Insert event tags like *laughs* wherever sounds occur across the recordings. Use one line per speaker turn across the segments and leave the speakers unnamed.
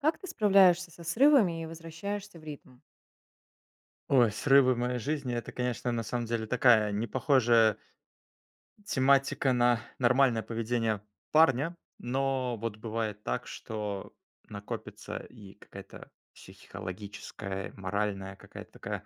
Как ты справляешься со срывами и возвращаешься в ритм?
Ой, срывы в моей жизни- это, конечно, на самом деле такая непохожая тематика на нормальное поведение парня. Но вот бывает так, что накопится и какая-то психологическая и моральная какая-то такая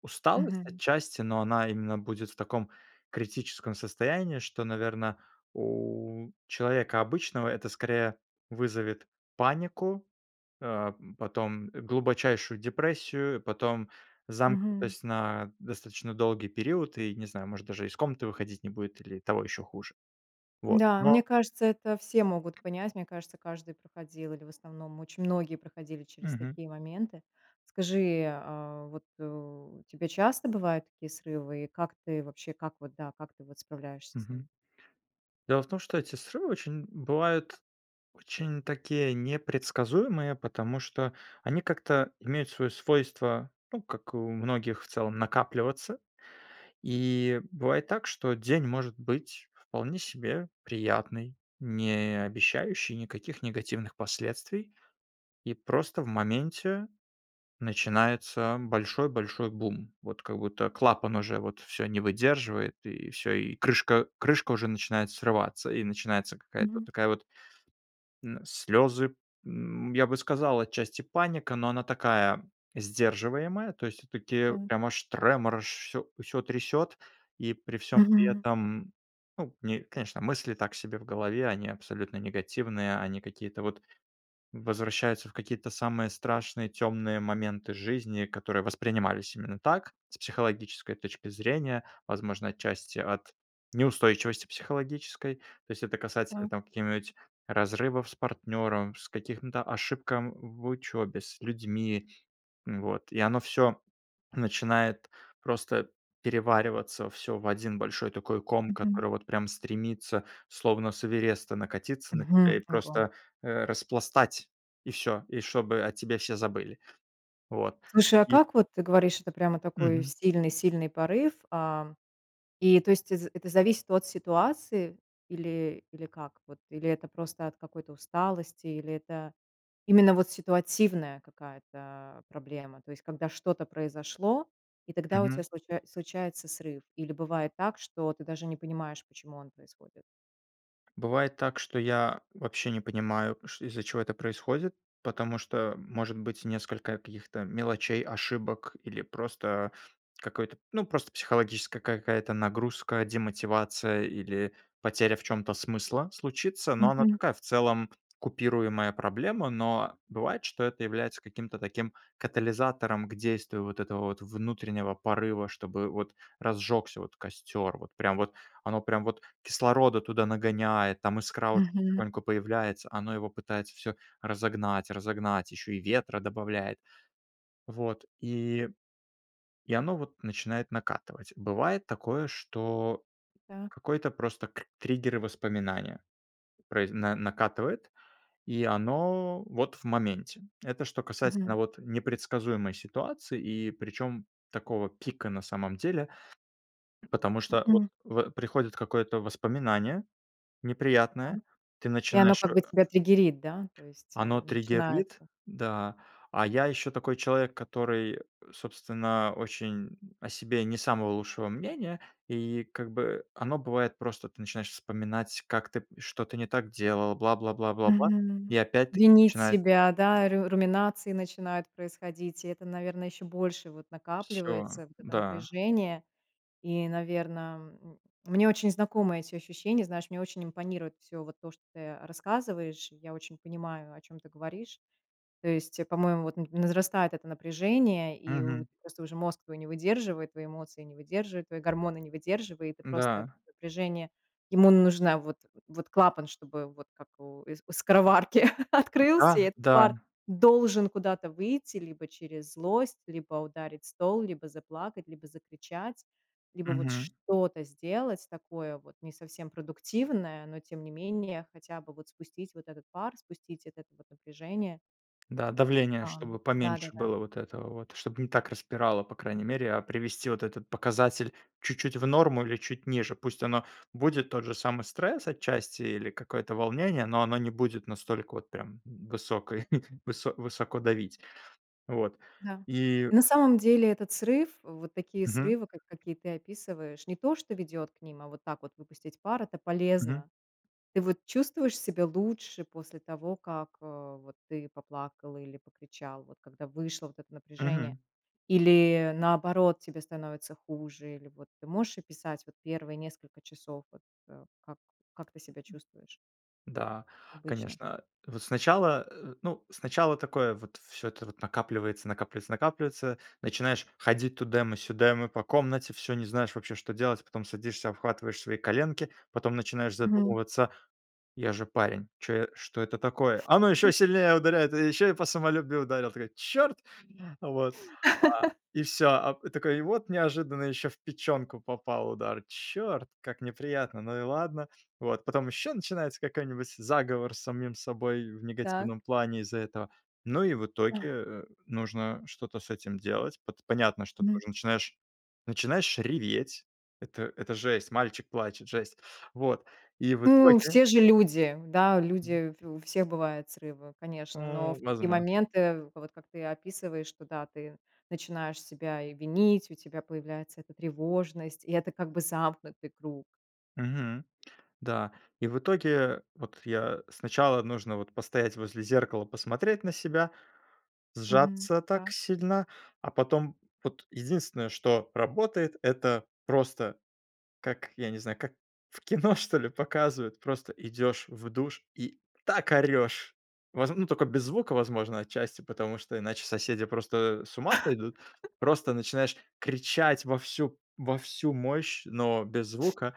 усталость
Мгм.
отчасти. Но она именно будет в таком критическом состоянии, что, наверно, у человека обычного это, скорее, вызовет панику, а потом, э, глубочайшую депрессию, потом
Мгм.
замкнутость на достаточно долгий период, и, не знаю, может даже из комнаты выходить не будет или того еще хуже. Вот.
Да. Мне
Но
кажется, это все могут понять. Мне кажется, каждый проходил или в основном очень многие проходили через
Мгм.
такие моменты. Скажи, а, вот, э, у тебя часто бывают такие срывы и как ты вообще как вот, да, как ты вот справляешься с
Мгм.
ними?
Дело в том, что эти срывы очень- бывают- очень такие непредсказуемые, потому что они как-то имеют свое свойство, ну, как и у многих в целом, накапливаться. И бывает так, что день может быть вполне себе приятный, не обещающий никаких негативных последствий. И просто в моменте начинается большой-большой бум. Вот как будто клапан уже вот всё не выдерживает и всё, и крышка крышка уже начинает срываться, и начинается какая-то
Мгм.
такая вот м, слезы, м, я бы сказал, отчасти, паника, но она такая сдерживаемая, то есть всё-таки
М.
прямо аж тремор, аж всё всё трясёт. И при всём при
Мгм.
этом, ну, не конечно, мысли так себе в голове, они абсолютно негативные, они какие-то вот возвращаются в какие-то самые страшные, темные моменты жизни, которые воспринимались именно так, с психологической точки зрения. Возможно, отчасти, от неустойчивости психологической. То есть это касательно
Да.
там какие-нибудь: разрывов с партнером, с каких, м, то ошибкам в учебе, с людьми. Вот. И оно всё начинает просто перевариваться всё в один большой такой ком,
Мгм.
который вот прям стремится, словно с Эвереста, накатиться на тебя
Мгм.
и
Ого.
просто, э, распластать. И всё. И чтобы о тебе все забыли. Вот.
Слушай, а
И
как вот, ты говоришь, это прямо такой
Мгм.
сильный-сильный порыв, а, и то есть, э, з это зависит от ситуации или или как вот? Или это просто от какой-то усталости? Или это именно вот ситуативная какая-то проблема, то есть когда что-то произошло, и тогда у
Мгм.
тебя случае случается срыв? Или бывает так, что ты даже не понимаешь, почему он происходит.
Бывает так, что я вообще не понимаю, ш из-за чего это происходит, потому что может быть несколько каких-то мелочей, ошибок, или просто какой-то, ну, просто психологическая какая-то нагрузка, демотивация или потеря в чём-то смысла случится. Но она
Мгм.
такая, в целом, купируемая проблема. Но бывает, что это является каким-то таким катализатором к действию вот этого вот внутреннего порыва, чтобы вот разжегся вот костер. Вот прям вот оно прям вот кислорода туда нагоняет, там искра уже
Мгм.
потихоньку появляется. Оно его пытается всё разогнать, разогнать, еще и ветра добавляет. Вот и И оно вот начинает накатывать. Бывает такое, что
Так.
какой-то просто кр триггеры воспоминания произ на накатывает, и оно вот в моменте. Это что
Мгм.
касательно вот непредсказуемой ситуации, и причем такого пика, на самом деле. Потому что вот
Мгм.
в приходит какое-то воспоминание
Да.
неприятное, ты
И оно
начинаешь
как бы
э
тебя триггерит, да? То есть,
Оно
э,
триггерит,
начинается.
да, а я еще такой человек, который, собственно, очень о себе не самого лучшего мнения. И как бы, оно бывает просто, ты начинаешь вспоминать, как ты что-то не так делал, бла бла бла бла бла,
Мгм.
и опять ты
Винить
начинаешь
себя, да, ру руминации начинают происходить. И это, наверно, еще больше вот
Всё,
накапливается, вот это
да.
напряжение. И, наверно, м, мне очень знакомы эти ощущения, знаешь, мне очень импонирует всё вот то, что ты, э, рассказываешь. И я очень понимаю, о чём ты говоришь. То есть, э, по-моему, вот на возрастает это напряжение, и у
Мгм.
просто уже мозг твой не выдерживает, твои эмоции не выдерживают, твои гормоны не выдерживают, и просто
Да.
напряжение. Ему нужно вот вот клапан, чтобы вот как у у скороварки открылся, и
Да,
этот
да.
пар должен куда-то выйти, либо через злость, либо ударить стол, либо заплакать, либо закричать, либо вот
Мгм.
что-то сделать такое, вот не совсем продуктивное, но, тем не менее, хотя бы вот спустить вот этот пар, спустить этот вот напряжение.
Да, давление
Да.
чтобы поменьше
Да-да-да.
было вот этого вот, чтобы не так распирало, по крайней мере. А привести вот этот показатель чуть-чуть в норму или чуть ниже. Пусть оно будет тот же самый стресс отчасти или какое-то волнение, но оно не будет настолько вот прям в высокой *chuckles* высо высоко давить. Вот.
Да.
И
И на самом деле этот срыв, вот такие
Мгм.
срывы, как какие ты описываешь, не то, что ведет к ним, а вот так вот выпустить пар, это
Мгм.
полезно. Ты вот чувствуешь себя лучше после того, как, а, вот ты поплакал или покричал, вот когда вышло вот это напряжение?
Мгм.
Или, наоборот, тебе становится хуже? Или вот ты можешь описать вот первые несколько часов, вот, э, как как ты себя чувствуешь
Да,
обычно?
конечно, вот сначала, э, ну, сначала такое вот: всё это вот накапливается, накапливается, накапливается, начинаешь ходить тудэмэ-сюдэмэ по комнате, всё, не знаешь вообще, что делать. Потом садишься, обхватываешь свои коленки, потом начинаешь
Мгм.
задумываться: "Я же парень, чё я что это такое?" Оно ещё сильнее ударяет, и ещё и по самолюбию ударило! Такой: "Чёрт!". Вот. А.
*laughs*
И всё. А п такой, и вот неожиданно ещё в печёнку попал удар. "Чёрт, как неприятно, ну и ладно". Вот, потом еще начинается какой-нибудь заговор с самим собой в
Так.
негативном плане из-за этого. Ну и в итоге,
Ах.
э, нужно что-то с этим делать. Пот понятно, что ты
Мгм.
уже начинаешь начинаешь реветь. Это это жесть, мальчик плачет, жесть. Вот. И в
Ну
итоге
все же люди. Да, люди, у в всех бывают срывы,
У,
конечно, но в такие
возмо
моменты, вот как ты описываешь, что да, ты начинаешь себя и винить, у тебя появляется эта тревожность, и это, как бы, замкнутый круг.
Мгм. Да. И в итоге, э, вот я сначала нужно вот постоять возле зеркала, посмотреть на себя,
Мгм.
сжаться так
Так.
сильно. А потом вот единственное, что работает, это просто, как, я не знаю, как в кино, что ли, показывают. Просто идешь в душ и так орешь! Воз ну, только без звука, возможно, отчасти, потому что иначе соседи просто, э, с ума сойдут.
*laughs*
Просто начинаешь кричать во всю во всю мощь, но без звука,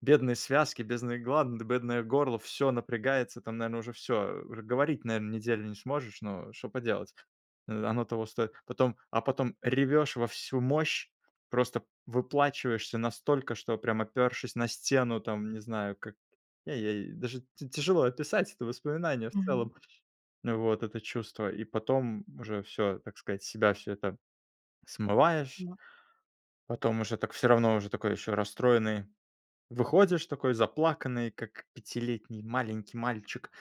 бедные связки, бедные гланды, бедное горло, всё напрягается. Там, наверно, уже всё, э. Уже говорить, наверно, неделю не сможешь, но что поделать, э, оно того стоит. Потом а потом ревешь во всю мощь, просто выплакиваешься настолько, что прям опёршись на стену, там, не знаю, как я ей даже тя тяжело описать это воспоминание в
Мгм.
целом вот, это чувство. И потом уже всё, так сказать, с себя всё это смываешь.
Мак.
Потом уже так всё равно, уже такой еще расстроенный выходишь, такой заплаканный, как пятилетний маленький мальчик.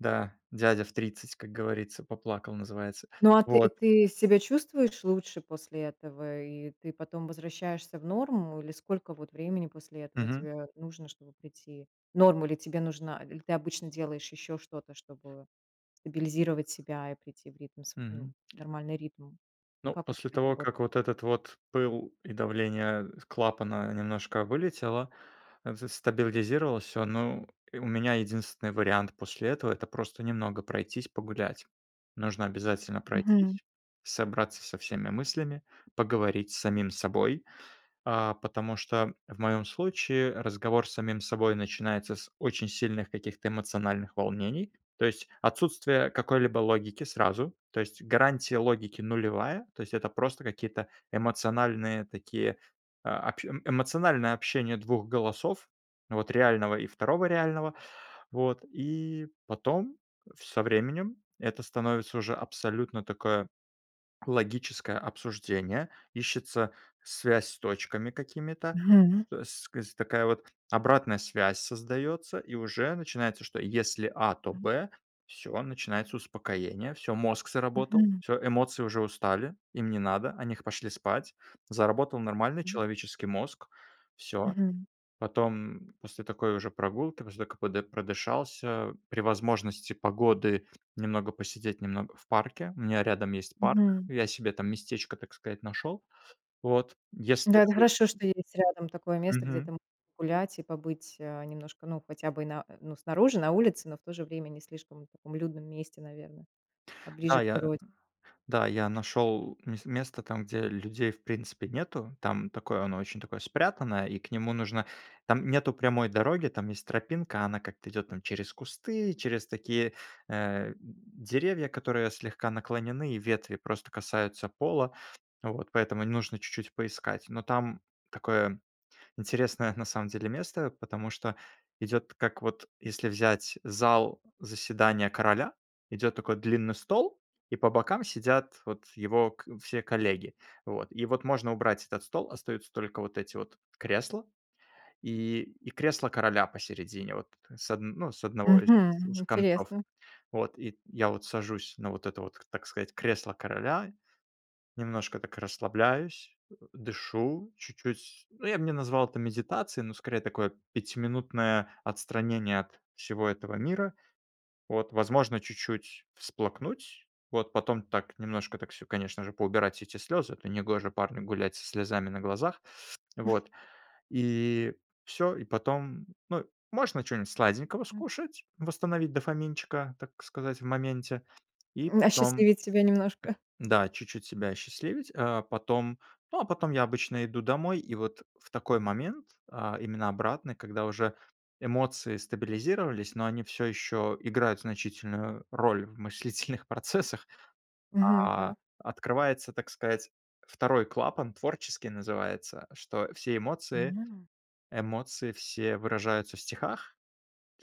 Да, дядя в 30, как говорится, поплакал, называется,
Ну а ты
вот.
ты себя чувствуешь лучше после этого, и ты потом возвращаешься в норму? Или сколько вот времени после этого
Мгм.
тебе нужно, чтобы прийти норма ли тебе нужна? Или ты обычно делаешь еще что-то, чтобы стабилизировать себя и прийти в ритм св ну,
Мгм.
нормальный ритм?
Ну,
Как у тебя
после
это
того,
работает?
как вот этот вот пыл и давление, а, клапана немножко вылетело, а, за стабилизировалось всё. Ну, и у меня единственный вариант после этого- это просто немного пройтись, погулять. Нужно обязательно
Мгм.
пройтись, собраться со всеми мыслями, поговорить с самим собой. А, потому что в моём случае разговор с самим собой начинается с очень сильных каких-то эмоциональных волнений. То есть отсутствие какой-либо логики сразу. То есть гарантия логики нулевая. То есть это просто какие-то эмоциональные такие, а, общ эмоциональное общение 2 голосов, вот реального и 2 реального. Вот. И потом, в со временем, это становится уже абсолютно такое логическое обсуждение, ищется связь с точками какими-то,
Мгм.
с кс такая вот обратная связь создается, и уже начинается, что если А- то
Мгм.
Б. Всё, начинается успокоение, всё, мозг заработал,
Мгм.
всё, эмоции уже устали, им не надо, они х пошли спать. Заработал нормальный
Мгм.
человеческий мозг, всё.
Мгм.
Потом, м, после такой уже прогулки, после того как подыш продышался, при возможности погоды немного посидеть, немного в парке. У меня рядом есть парк,
Мгм.
я себе там местечко, так сказать, нашел. Вот. Если
Да, это
вдруг
хорошо, что есть рядом такое место, где
Мгм.
ты можешь погулять и побыть, а, немножко, ну хотя бы на ну, снаружи, на улице, но, в то же время, не слишком таком людном месте, наверно, а ближе
Да,
к
я
природе.
да, я нашел мес место, там где людей, в принципе, нету, там такое, оно очень такое спрятанное и к нему нужно там нету прямой дороги, там есть тропинка, она как-то идет там через кусты, через такие, э, деревья, которые слегка наклонены, и ветви просто касаются пола. Вот, поэтому нужно чуть-чуть поискать. Но там такое интересное, на самом деле, место, потому что идет, как вот если взять зал заседания короля: идет такой длинный стол, и по бокам сидят вот его к все коллеги. Вот, и вот можно убрать этот стол. Остаются только вот эти вот кресла, и и кресло короля посередине вот, э, с одн ну, с одного из
Мгм.
из концов.
Интересно.
Вот, и я вот сажусь на вот это вот, так сказать, кресло короля, немножко так расслабляюсь, э, дышу чуть-чуть. Ну, я б не назвал это медитацией, но, скорее, такое пятиминутное отстранение от всего этого мира. Вот. Возможно чуть-чуть всплакнуть, вот. Потом так немножко, так всё, конечно же, поубирать все эти слезы, это негоже парню гулять со слезами на глазах.
*chuckles*
Вот. И, всё, и потом, ну, можно чё-нибудь сладенького
М.
скушать, восстановить дофаминчика, так сказать, в моменте, и
М,
потом
осчастливить себя немножко.
Да, чуть-чуть себя осчастливить. А потом Ну, а потом я обычно иду домой, и вот в такой момент, а, именно обратный, когда уже эмоции стабилизировались, но они всё еще играют значительную роль в мыслительных процессах.
Мгм.
А,
Так.
открывается, так сказать, 2 клапан, творческий называется, что все эмоции
М.
эмоции все выражаются в стихах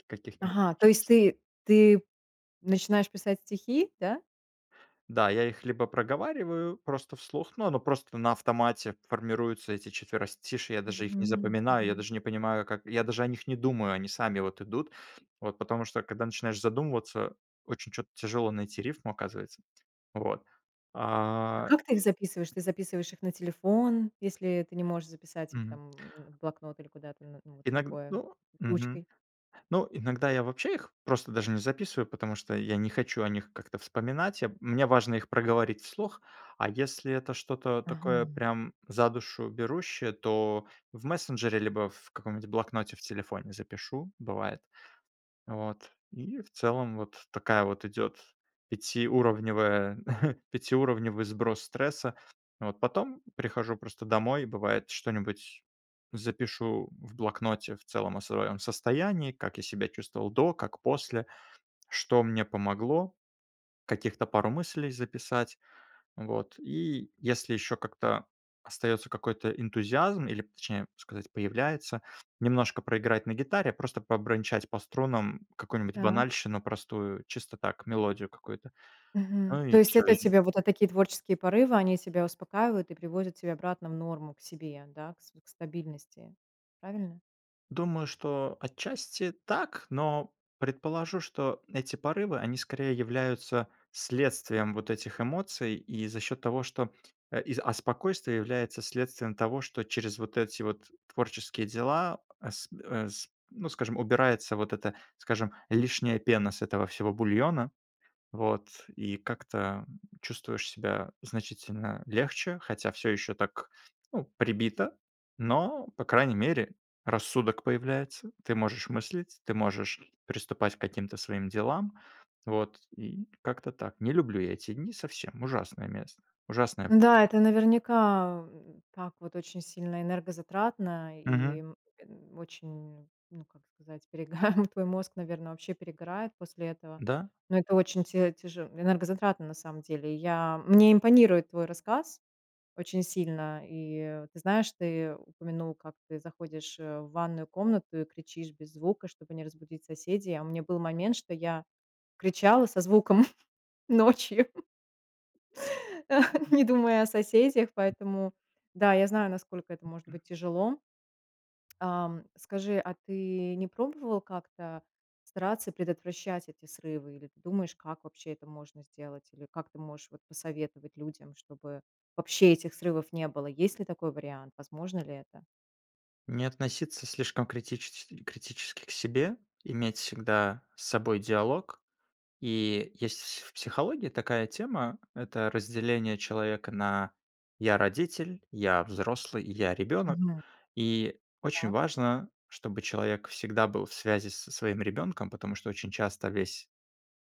каких-нибудь.
Ага. То есть
*unintelligible*
ты ты начинаешь писать стихи, да?
Да, я их либо проговариваю просто вслух, но оно просто на автомате, формируются эти четверостишья, я даже их не
Мгм.
запоминаю, я
Мгм.
даже не понимаю как я даже о них не думаю, они сами вот идут. Вот. Потому что когда начинаешь задумываться, очень чё-то тяжело найти рифму, оказывается. Вот.
А
А
как ты их записываешь? Ты записываешь их на телефон, если ты не можешь записать их,
Мгм.
там, м, в блокнот или куда-то, н ну, вот
Иног
такое,
ну, мгм.
ручкой?
Ну, иногда я вообще их просто даже не записываю, потому что я не хочу о них как-то вспоминать, а мне важно их проговорить вслух, а если это что-то такое,
Ага.
прям за душу берущее, то в мессенджере, либо в каком-нибудь блокноте в телефоне запишу, бывает. Вот. И, в целом, вот такая вот идет пятиуровневая *chuckles* пятиуровневый сброс стресса. Вот. Потом прихожу просто домой, и бывает, что-нибудь запишу в блокноте в целом о своем состоянии. Как я себя чувствовал до, как после. Что мне помогло, каких-то пару мыслей записать. Вот. И если еще как-то остается какой-то энтузиазм или, точнее сказать, появляется, немножко проиграть на гитаре, а просто побренчать по струнам какую-нибудь
Так.
банальщину простую, чисто так, мелодию какую-то.
Мгм.
Ну
То
и
есть
всё,
это у
и
тебя вот, э, такие творческие порывы, они тебя успокаивают и приводят тебя обратно в норму к себе, да, к с к стабильности, правильно?
Думаю, что отчасти так, но предположу, что эти порывы- они скорее являются следствием вот этих эмоций, и за счет того, что, а и, а, спокойствие является следствием того, что через вот эти вот творческие дела, а с э, с ну, скажем, убирается вот эта, скажем, лишняя пена с этого всего бульона. Вот. И как-то, м, чувствуешь себя значительно легче, хотя всё еще так, ну, прибито, но, по крайней мере, рассудок появляется. Ты можешь мыслить, ты можешь приступать к каким-то своим делам. Вот, и как-то так. Не люблю я эти дни совсем. Ужасное мес Ужасное время.
Н-да, это наверняка, м, так вот, очень сильно энергозатратно и,
Мгм.
м, очень, м, ну, как сказать, перегар. Твой мозг, наверно, вообще перегорает после этого.
Да.
Но это очень тя тяже энергозатратно, на самом деле. Я мне импонирует твой рассказ очень сильно. И ты знаешь, ты упомянул, как ты заходишь, э, в ванную комнату и кричишь без звука, чтобы не разбудить соседей. А у меня был момент, что я кричала со звуком *chuckles* ночью. *laughs* Не думая о соседях, поэтому да, я знаю, насколько это может быть тяжело. Ам, скажи, а ты не пробовал как-то стараться предотвращать эти срывы, или ты думаешь, как вообще это можно сделать, или как ты можешь вот посоветовать людям, чтобы вообще этих срывов не было? Есть ли такой вариант, возможно ли это?
Не относиться слишком критичес критически к себе, иметь всегда с собой диалог. И есть в с в психологии такая тема- это разделение человека на "я- родитель", "я- взрослый" и "я- ребенок".
Мгм.
И очень
Так.
важно, чтобы человек всегда был в связи со своим ребенком, потому что очень часто весь,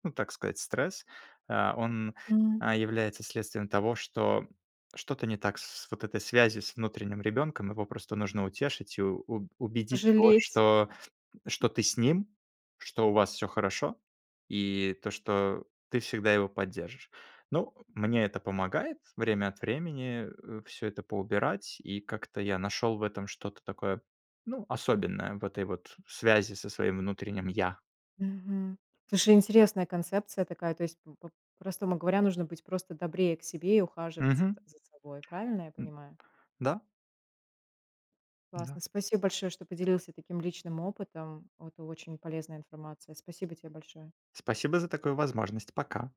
ну, так сказать, стресс, а, он,
М.
а, является следствием того, что что-то не так с с вот этой связью с внутренним ребенком. Его просто нужно утешить, и у у убедить его,
Пожалеть.
что что ты с ним, что у вас всё хорошо, и то, что ты всегда его поддержишь. Ну, мне это помогает время от времени, э, всё это поубирать, и как-то я нашел в этом что-то такое, ну, особенное, в этой вот связи со своим внутренним я.
Мгм. Слушай, интересная концепция такая, то есть, по по-простому говоря, нужно быть просто добрее к себе и ухаживать за
Мгм.
за собой, правильно я
М.
понимаю?
Да. Да.
Классно. Спасибо большое, что поделился таким личным опытом, это очень полезная информация. Спасибо те большое!
Спасибо за такую возможность. Пока.